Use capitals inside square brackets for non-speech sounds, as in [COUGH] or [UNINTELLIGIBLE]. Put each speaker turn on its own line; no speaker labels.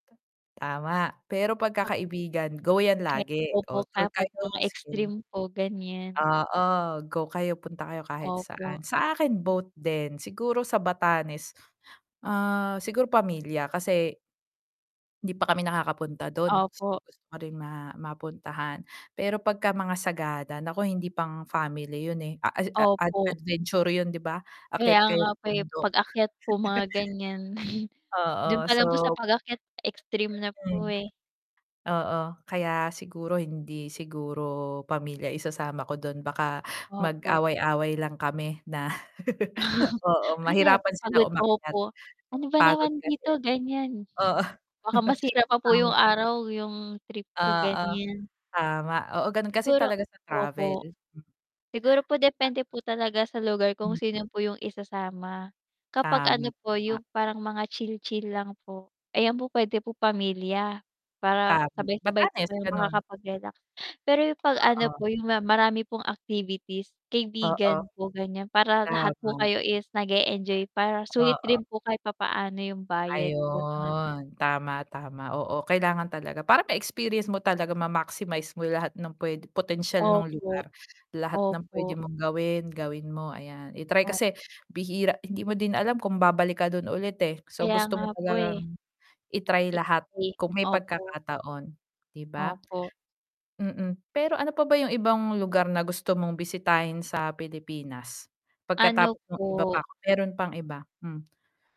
Tama, pero
Mag
pagka kaibigan, go 'yan
Me
lagi,
opo
oh, tour
kapag
kayo
mga extreme
[UNINTELLIGIBLE]
po gan'yan.
oo, go kayo punta kayo kahit saan.
Opo.
Sa akin both din, siguro sa Batanes, ah, siguro pamilya kasi hindi pa kami nakakapunta dun,
Opo.
gustong-gusto ko rin ma mapuntahan, pero pagka-mga Sagada naku hindi pang family yun eh, a ed ad ad
Opo.
adventure yun 'di ba?
Kaya
Akyat
nga
kayong
po eh,
bundok
pag-akyat po mga gan'yan. [CHUCKLES]
[CHUCKLES]
dun
Oo,
pa lang po sa
so
pag-akyat extreme na po
Hmm.
eh.
Oo, kaya siguro hindi siguro pamilya isasama ko dun baka
Opo.
mag-away-away lang kami na, [LAUGHS] oo
[CHUCKLES] Ay na
mahirapan sila
papagod po
umakyat
ako, "Ano ba
pagod
naman
kasi.
dito," gan'yan
Oo.
baka masira
[CHUCKLES]
pa po 'yung
Tama.
araw, 'yung trip ko
Oo.
gan'yan.
Tama, oo ganun kasi
Siguro
talaga sa travel.
opo. Siguro po depende po talaga sa lugar kung
Hmm.
sino po 'yung isasama, kapag
Tama,
ano po
tama.
'yung parang mga chill-chill lang po. Ayan po puwede po pamilya, para
Tam
sabay-sabay po
Batanes,
kayong
gano'n.
makakapag-relax, pero 'yung 'pag ano
Oo.
po 'yung marami pong activities,
Oo.
kaibigan po gan'yan para lahat po
Tama.
kayo is nag-e-enjoy para sulit
Oo.
rin po kahit papaano yung bayad, ganun.
Ayun tama, tama, oo. Kailangan talaga parang may experience mo talaga ma-maximize mo lahat ng puwedeng potensyal nung
Opo.
lugar, lahat ng puwede
Opo.
mong gawin, gawin mo, ayan i-try
O
kasi, bihira hindi mo din alam kung babalik ka dun ulit eh, so
Kaya
gusto
nga
mo
po eh.
talagang i-try lahat
[UNINTELLIGIBLE]
kung may
opo.
pagkakataon, 'di ba?
Opo.
Mm, pero ano pa ba yung ibang lugar na gusto mong bisitahin sa Pilipinas?
Ano
Pagkatapos nung iba
po
pa, meron pang iba, hmm.